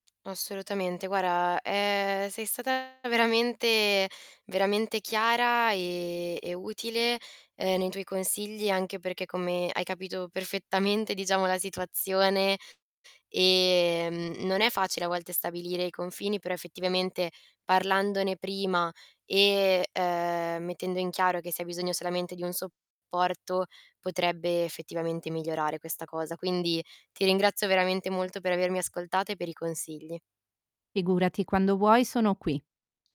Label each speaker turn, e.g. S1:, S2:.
S1: Assolutamente. Guarda, ehm, sei stata veramente veramente chiara, e e utile, uhm, nei tuoi consigli, anche perché come hai capito perfettamente, diciamo, la situazione ehm, non è facile a volte stabilire i confini, però effettivamente parlandone prima, e, uhm, mettendo in chiaro che si ha bisogno solamente di un supporto potrebbe effettivamente migliorare questa cosa. Quindi, ti ringrazio veramente molto per avermi ascoltata e per i consigli.
S2: Figurati, quando vuoi sono qui.